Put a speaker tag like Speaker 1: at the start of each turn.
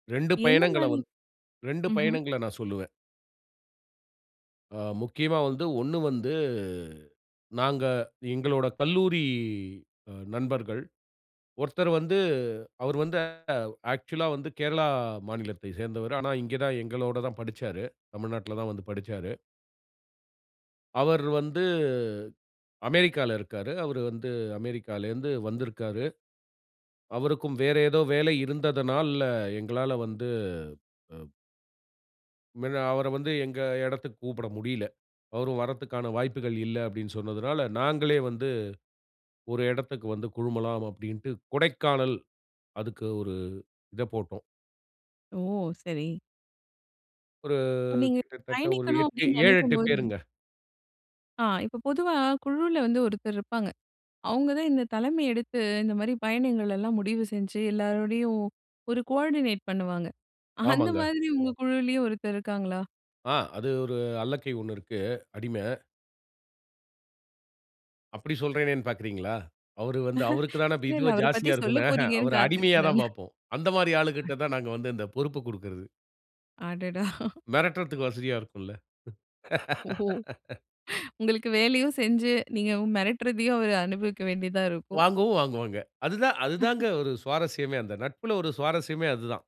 Speaker 1: 2
Speaker 2: என்ன
Speaker 1: பயணங்கள
Speaker 2: மாரி?
Speaker 1: வந்து 2
Speaker 2: ம்ஹ்ம்.
Speaker 1: பயணங்கள நான் சொல்லுவேன். ஆ, முக்கியமா வந்து ஒண்ணு வந்து நாங்க, எங்களோட கல்லூரி நண்பர்கள். ஒருத்தர் வந்து அவர் வந்து ஆக்சுவலா வந்து கேரளா மாநிலத்தைச் சேர்ந்தவர். ஆனா இங்க தான் எங்களோட தான் படிச்சாரு. தமிழ்நாட்ல தான் வந்து படிச்சாரு. அவர் வந்து அமெரிக்கால இருக்காரு. அவரு வந்து அமெரிக்காலிந்து வந்திருக்காரு. அவருக்கும் வேற ஏதோ வேலை இருந்ததனால்ல எங்களால வந்து அ. மின்ன, அவர வந்து எங்க எடத்துக்கு கூப்புட முடியல. அவரும் வரதுக்கான வாய்ப்புகள் இல்ல அப்டின்னு சொன்னதனால, நாங்களே வந்து ஒரு எடத்துக்கு வந்து குழுமலாம் அப்டின்ட்டு, கொடைக்கானல் அதுக்கு ஒரு இத போட்டோம்.
Speaker 2: ஓ! சரி.
Speaker 1: ஒரு
Speaker 2: இப்ப, நீங்க
Speaker 1: கிட்டத்தட்ட, ஒரு
Speaker 2: பயணிக்கணும்
Speaker 1: 8,
Speaker 2: அப்டின்னு
Speaker 1: 7
Speaker 2: நெனைக்கும்
Speaker 1: 8
Speaker 2: போது
Speaker 1: பேருங்க.
Speaker 2: ஆ, இப்ப பொதுவா குழுவுல வந்து ஒருத்தர் இருப்பாங்க. அவுங்க தான் இந்த தலைமை எடுத்து, இந்த மாரி பயணங்கள் எல்லாம் முடிவு செஞ்சி, எல்லாரோடையும் ஒரு கோஆர்டினேட் பண்ணுவாங்க. அந்த
Speaker 1: ஆமாங்க.
Speaker 2: மாரி உங்க குழுவிலயும் ஒருத்தர் இருக்காங்களா?
Speaker 1: ஆ, அது ஒரு அல்லக்கை ஒண்ணு இருக்கு, அடிம. அப்டி சொல்றேனேன்னு பாக்கிறீங்களா? அவர் வந்து அவருக்கு தானே பி
Speaker 2: இல்ல, இல்ல.
Speaker 1: இதுவே
Speaker 2: அவர பத்தி
Speaker 1: ஜாஸ்தியா
Speaker 2: சொல்ல
Speaker 1: இருக்குமே, அஹ,
Speaker 2: போறீங்கன்னு
Speaker 1: அவர அடிமையா
Speaker 2: காத்திருக்கேன் நானு.
Speaker 1: தான் பாப்போம். அந்த மாரி ஆளுகிட்ட தான் நாங்க வந்து இந்த பொறுப்ப குடுக்கிறது.
Speaker 2: அடடா!
Speaker 1: மெரட்றதுக்கு வசதியா இருக்கும் இல்ல!
Speaker 2: ஓ உங்களுக்கு வேலையும் செஞ்சு, நீங்க மெரட்டுறதையும் அவர் அனுபவிக்க வேண்டியதா இருக்கும்.
Speaker 1: வாங்கவும் வாங்குவாங்க. அதுதான் அதுதாங்க ஒரு சுவாரஸ்யமே, அந்த நட்புல ஒரு சுவாரஸ்யமே அதுதான்.